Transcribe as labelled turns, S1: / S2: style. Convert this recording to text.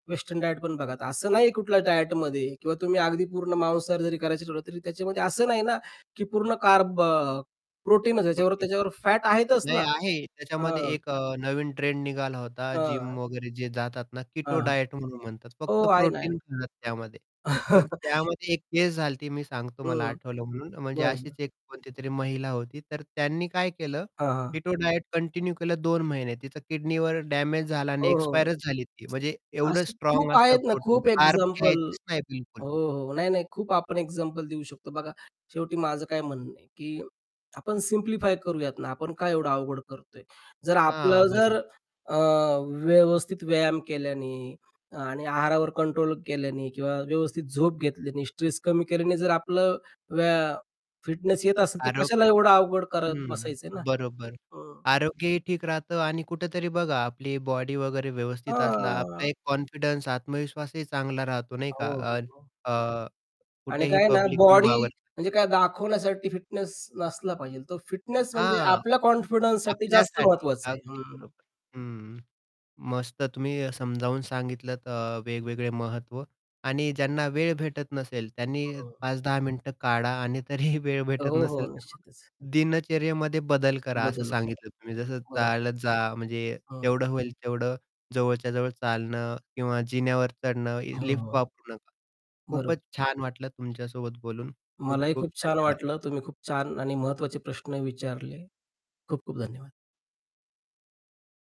S1: Western diet पण बघा. असं नाही कुठल्या डायटमध्ये किंवा तुम्ही अगदी पूर्ण मांसाहार जरी करायचं ठरवलं, तरी त्याच्यामध्ये असं नाही ना की पूर्ण कार्ब, अ, प्रोटीन याच्याबरोबर
S2: [unintelligible]
S1: त्याच्याबरोबर फॅट आहेतच
S2: नाही
S1: ना.
S2: आहे. त्याच्यामध्ये
S1: अं
S2: एक अ, नवीन ट्रेंड निघाला होता जिम
S1: हां.
S2: वगैरे जे जातात ना
S1: हां,
S2: किटो
S1: हां.
S2: डायट म्हणून म्हणतात.
S1: हो
S2: फक्त
S1: आहे ना, आहे
S2: प्रोटीन
S1: ना.
S2: खातात त्यामध्ये, पण त्यामध्ये एक केस झाली ती मी सांगतो मला
S1: हं.
S2: आठवलं म्हणून म्हणजे अशीच
S1: बरं.
S2: एक कोणतीतरी महिला होती तर त्यांनी काय केलं,
S1: हां, हां.
S2: कीटो डायट कंटिन्यू केलं 2 महिने तिचा किडनीवर डेमेज झाला आणि
S1: हो, हो.
S2: एक्सपायरच झाली ती. म्हणजे एवढं
S1: असे
S2: स्ट्राँग
S1: खूप
S2: असतं
S1: आहेत ना.
S2: प्रोटीन.
S1: खूप
S2: कार्ब
S1: एक्झाम्पल.
S2: घ्यायचीच नाही बिलकुल.
S1: हो, हो. नाही-नाही खूप आपण एक्झाम्पल देऊ शकतो बघा शेवटी माझं काय म्हणणं आहे, की आपण सिम्प्लिफाय करूयात ना आपण काय एवढं अवघड करतोय? जर
S2: हां,
S1: आपलं जर
S2: बरोबर.
S1: अ, व्यवस्थित व्यायाम केल्याने आणि आहारावर कंट्रोल केल्याने किंवा व्यवस्थित झोप घेतल्याने, स्ट्रेस कमी केल्याने जर आपलं व्या फिटनेस येत असेल तर कशाला
S2: आरोग्य
S1: एवढं अवघड करत
S2: हं,
S1: बसायचं आहे ना.
S2: बरोबर
S1: हं.
S2: आरोग्यही ठीक राहतं आणि कुठेतरी बघा आपली बॉडी वगैरे व्यवस्थित असला आपला
S1: हं.
S2: एक कॉन्फिडन्स आत्मविश्वासही चांगला राहतो, नाही
S1: हो,
S2: का.
S1: हो,
S2: अ,
S1: हो.
S2: अ,
S1: आणि
S2: कुठेही
S1: काय आहे ना
S2: पब्लिकली
S1: बॉडी म्हणजे
S2: वावरताना.
S1: काय दाखवण्यासाठी फिटनेस नसला पाहिजे. तो फिटनेस म्हणजे
S2: हां.
S1: आपल्या कॉन्फिडन्ससाठी जास्त
S2: आपल्यासाठी
S1: महत्वाचं आहे.
S2: अगदी
S1: हं.
S2: बरोबर. हं, मस्त तुम्ही समजावून सांगितलत अ, वेगवेगळे महत्त्व आणि ज्यांना वेळ भेटत नसेल त्यांनी
S1: हं.
S2: 5-10 मिनिटं काढा आणि तरीही वेळ भेटत
S1: हो, हो.
S2: नसेल तर मग
S1: निश्चितच.
S2: दिनचर्येमध्ये बदल करा असं
S1: बदल करा.
S2: सांगितलं तुम्ही जसं
S1: बरोब
S2: चालत जा, म्हणजे
S1: हं.
S2: तेवढं होईल तेवढं जवळच्या जवळ चालणं किंवा जिन्यावर चढणं,
S1: हो,
S2: लिफ्ट
S1: हो.
S2: वापरू नका. खूपच
S1: बरोब
S2: छान वाटलं तुमच्यासोबत बोलून खूप
S1: मलाही
S2: खूप
S1: खूप छान
S2: धन्यवाद.
S1: वाटलं. तुम्ही खूप छान आणि महत्त्वाचे प्रश्न विचारले. खूप खूप धन्यवाद.